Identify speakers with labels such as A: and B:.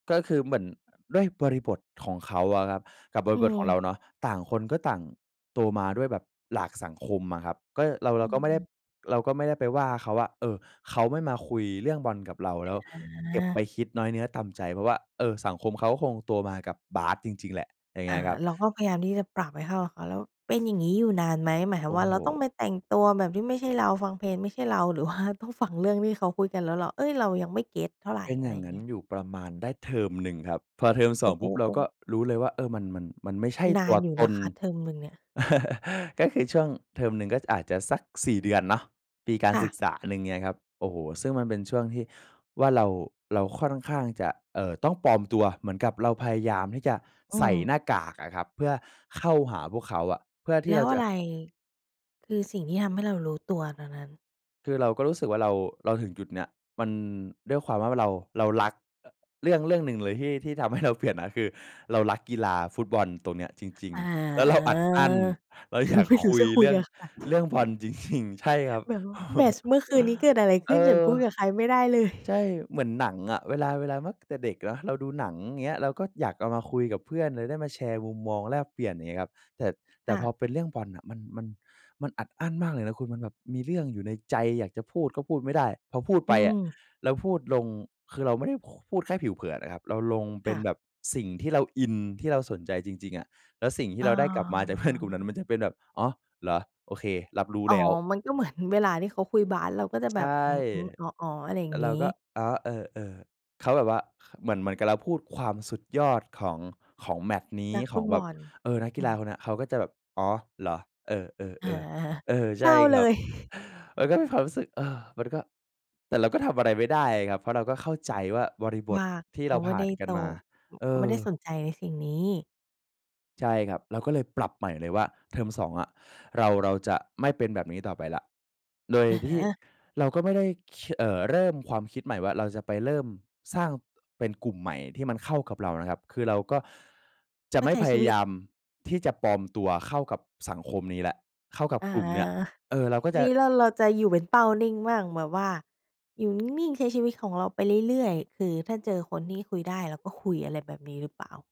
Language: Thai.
A: ก็คือเหมือนด้วยบริบทของเขาอะครับกับบ
B: อื
A: ริบทของเ
B: อ
A: ราเนาะ ต่างคนก็ต่างโตมาด้วยแบบหลากสังคมอะครับ ก็เรา เ
B: อ
A: ราก็ไม่ได้
B: ืม
A: เราก็ไม่ได้ไปว่าเขาว่า เออ เขาไม่มาคุยเรื่องบอลกับเราแ
B: อ
A: ล้วเก็บไป
B: า
A: คิดน้อยเนื้อต่ำใจ เพราะว่า เออ สังคมเขาก็คงโตมากับบาสจริง ๆ แหละ อย่างเง
B: อ
A: ี
B: ่า
A: ้ยครับ
B: เราก็พยายามที่จะปรับให้เข้ากับเขา แล้วเป็นอย่างงี้อยู่นานไหม? หมายค
A: โ
B: ว
A: อ
B: าม
A: ้
B: ว่า
A: โฮ
B: เราต้องไปแต่งตัวแบบที่ไม่ใช่เรา ฟังเพลงไม่ใช่เรา หรือว่าต้องฟังเรื่องที่เขาคุยกันแล้วเรา เอ๊ย เรายังไม่เก็ตเท่าไร
A: เป็น
B: อ
A: อ
B: ะ
A: ย
B: ไ
A: ่
B: ร
A: างงั้
B: เง
A: น
B: ี้ย
A: อยู่ประมาณได้เทอมหนึ่งครับ พอเทอม ส
B: โอ
A: อ
B: ้
A: ง
B: โฮ
A: ปุ๊บเรา
B: โอ้
A: ก็รู้เลยว่า เออ มัน มัน มันไม่ใช่
B: น
A: ต
B: า
A: ั
B: น
A: ว
B: อยู่
A: ต
B: นะ
A: น
B: คะ เทอมหนึ่งเนี่ย
A: ก็คือช่วงเทอมหนึ่งก็อาจจะสัก 4 เดือนเนาะ ปีการ
B: ค่
A: ศึ
B: ะ
A: กษาหนึ่ง เงี้ยครับ โอ้โฮ ซึ่งมันเป็นช่วงที่ว่าเรา เราค่อนข้างจะ เอ่อ ต้องปลอมตัวเหมือนกับเราพยายามที่จะ
B: อื
A: ใส่
B: ม
A: หน้ากากอะครับ เพื่อเข้าหาพวกเขาอะ เพื่อที
B: แล
A: ่เ
B: ้
A: รา
B: วอ
A: จ
B: ะ
A: ะ
B: ไร คือสิ่งที่ทำให้เรารู้ตัวตอนนั้น?
A: คือเราก็รู้สึกว่าเรา เราถึงจุดเนี้ย มันด้วยความว่าเรา เรารัก เรื่องเรื่องหนึ่งเลยที่ ที่ทำให้ เราเปลี่ยนนะ คือเรารักกีฬาฟุตบอลตรงเนี้ยจริง
B: อา
A: ๆ แล้วเราอัดอั้น เรา
B: ค
A: อย
B: ื
A: า
B: อ
A: ก
B: ไม่รู
A: ค
B: ้
A: ุ
B: จ
A: ย
B: ะค
A: เ
B: ุ
A: ร
B: ย
A: ื่อ
B: ก
A: ง
B: ับใคร
A: เรื่องบอล จริง ๆ ใช่ครับ
B: แบบว่าแมตช์เมื่อคืนนี้เกิดอะไรข
A: เอ
B: ึ้น ฉัน
A: อ
B: พูดกับใครไม่ได้เล
A: ใช
B: ย
A: ่ เหมือนหนังอะเวลา เวลา แม้แต่เด็กเนาะ เราดูหนัง เงี้ย เราก็อยากเอามาคุยกับเพื่อนหรือได้มาแชร์มุมมองแลกเปลี่ยน อย่างเงี้ยครับ แต่ แต
B: ค
A: ่
B: ่
A: พอ
B: ะ
A: เป็นเรื่องบอลอะ มัน มัน มันอัดอั้นมากเลยนะคุณ มันแบบมีเรื่องอยู่ในใจอยากจะพูดก็พูดไม่ได้ พอพูด
B: อ
A: ไ
B: ื
A: ปอะ
B: อ
A: เราพูดลง คือเราไม่ได้ ค พูดแค่ผิวเผินอะครับ เราลงเป
B: ค
A: ็
B: ่
A: น
B: ะ
A: แบบสิ่งที่เราอินที่เราสนใจจริง ๆ อะ แล้วสิ่งที
B: อ
A: ่
B: ้
A: เร
B: อ
A: าได้กลับมาจาก เพื่อน กลุ่มนั้นมันจะเป็นแบบ "อ๋อ เหรอ? โอเค รับรู้
B: อ๋อ
A: แล้ว"
B: มันก็เหมือนเวลาที่เขาคุยบาสเราก็จะ
A: ใ
B: แ
A: ช
B: บ
A: ่
B: บ "อืม ๆ อ๋อ ๆ" อะไรอย
A: แ
B: ่
A: ต
B: า
A: ่
B: ง
A: เ
B: ง
A: ร
B: ี
A: า
B: ้
A: ก็ "อ๋อ เออ ๆ" เขาแบบว่า ค เหมือน เหมือนกับเราพูดความสุดยอดของ ของแมตช์นี้
B: นัก
A: ข
B: ฟุ
A: อง
B: ต
A: แ
B: บ
A: บบ
B: อล
A: เออ นักก
B: อ
A: ี
B: ื
A: ฬา
B: ม
A: คนเนี้ย เขาก็จะแบบ "อ๋อ เหรอ? เออ ๆ
B: อา
A: ๆ" เออ ใ
B: เ
A: ช
B: ศ
A: ่
B: ร้าเ
A: ค
B: ล
A: รับ
B: ย
A: มันก็มีความรู้สึก เออ มันก็ แต่เราก็ทำอะไรไม่ได้ครับ เพราะเราก็เข้าใจว่าบริบ
B: ว
A: ท
B: ่า
A: ที่
B: เข
A: เร
B: า
A: า
B: ไม
A: ผ
B: ่
A: ่
B: ไ
A: า
B: ด้
A: นกั
B: โต
A: นมา
B: อ
A: เอ
B: เขาไม่
A: อ
B: ได้สนใจในสิ่งนี้
A: ใช่ครับ เราก็เลยปรับใหม่เลยว่า เทอม 2 อะเรา เราจะไม่เป็นแบบนี้ต่อไปแล้ว โดย
B: อะฮ
A: ที่
B: ะ
A: เราก็ไม่ได้คี เอ่อ เริ่มความคิดใหม่ว่า เราจะไปเริ่มสร้างเป็นกลุ่มใหม่ที่มันเข้ากับเรานะครับ คือเราก็ จะ
B: ก
A: ไ
B: ็
A: ม่
B: ใช้
A: พ
B: ช
A: ย
B: ี
A: า
B: วิ
A: ย
B: ต
A: ามที่จะปลอมตัวเข้ากับสังคมนี้แล้ว เข้ากับ
B: อา
A: กลุ่มเนี้ย เออ เราก็
B: ที
A: จะ
B: นี้เรา เราจะอยู่เป็นเป้านิ่งมั่งแบบว่า อยู่ นิ่ง ๆ ใช้ชีวิตของเราไปเรื่อย ๆ คือถ้าเจอคนที่คุยได้เราก็คุย อะไรแบบนี้หรือเปล่า?